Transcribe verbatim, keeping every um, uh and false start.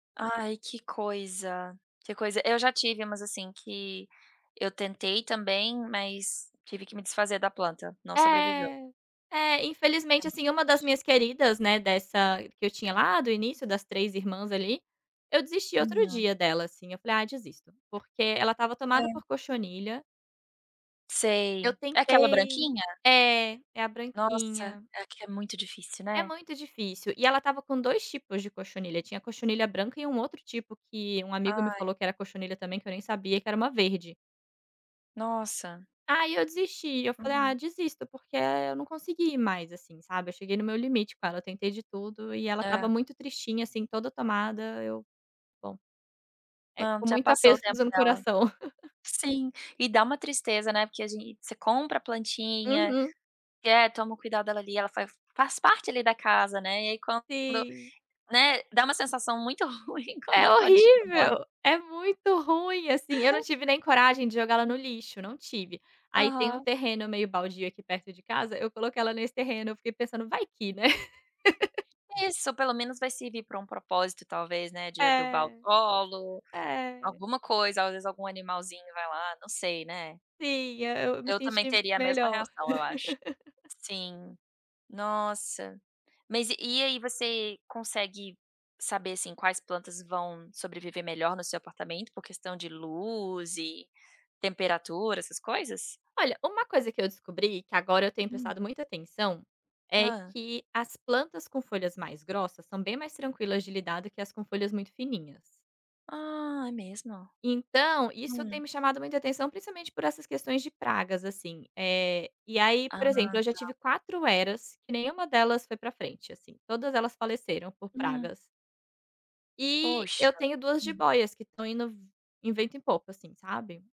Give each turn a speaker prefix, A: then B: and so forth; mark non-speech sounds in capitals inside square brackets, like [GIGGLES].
A: Ai que coisa, que coisa eu já tive umas assim que, eu tentei também mas, tive que me desfazer da planta, não sobreviveu.
B: É, é
A: É
B: infelizmente
A: muito
B: assim, uma das
A: triste.
B: minhas queridas, né, dessa, que eu tinha lá do início das três irmãs ali. Eu desisti outro
A: Uhum.
B: dia dela assim, falei: "Ah desisto", porque ela estava tomada
A: É.
B: por cochonilha Eu
A: Sei. É aquela
B: tentei.
A: branquinha?
B: É, é a
A: Nossa,
B: branquinha
A: aqui é muito difícil,
B: É
A: né.
B: muito difícil, e ela estava com dois tipos de cochonilha, tinha cochonilha branca e um outro tipo que um amigo me
A: Ai.
B: falou que era cochonilha também que eu nem sabia que era uma verde.
A: Nossa.
B: Aí eu desisti, eu falei: "Ah
A: Hum.
B: desisto." Porque eu não consegui mais, assim, sabe, eu cheguei no meu limite com ela, tentei de tudo e ela estava
A: É.
B: muito tristinha assim toda tomada eu, bom, é
A: Não,
B: com
A: já
B: muito
A: passou o
B: apeso
A: tempo
B: dizendo
A: dela.
B: coração. [CHUCKLES]
A: Sim. E dá uma tristeza, né, porque a gente você compra a plantinha,
B: Uhum.
A: e é, toma o cuidado dali ela faz parte ali da casa, né. E aí quando
B: Sim.
A: né, dá uma sensação muito ruim quando
B: É
A: a plantinha morre.
B: horrível, é muito ruim assim. Eu não tive nem coragem de jogar ela no lixo, não tive. Aí tem um
A: Aham.
B: terreno meio baldio aqui perto de casa, eu coloquei ela nesse terreno, eu fiquei pensando vai que, né. [LAUGHS]
A: Isso, pelo menos vai servir para um propósito talvez, né, de adubar o
B: É.
A: solo,
B: É.
A: alguma coisa, às vezes algum animalzinho vai lá, não sei, né.
B: Sim, é eu eu me
A: Eu também
B: senti
A: teria a mesma
B: melhor.
A: reação eu acho.
B: [GIGGLES]
A: Sim. Nossa, mas e aí, você consegue saber, assim, quais plantas vão sobreviver melhor no seu apartamento por questão de luz e temperatura essas coisas?
B: Olha, uma coisa que eu descobri, que agora eu tenho prestado
A: [UNINTELLIGIBLE]
B: muita atenção, é
A: Hã.
B: que as plantas com folhas mais grossas são bem mais tranquilas de lidar do que as com folhas muito fininhas.
A: Ah, é mesmo?
B: Então, isso tem
A: Hum.
B: me chamado muita atenção principalmente por essas questões de pragas assim. Eh, e aí por exemplo
A: Ah,
B: eu já
A: tá.
B: tive quatro heras que nenhuma delas foi para frente assim, todas elas faleceram por
A: Hum.
B: pragas. E
A: Poxa.
B: eu tenho duas
A: Hum.
B: jibóias que estão indo v em vento e pouco assim, sabe?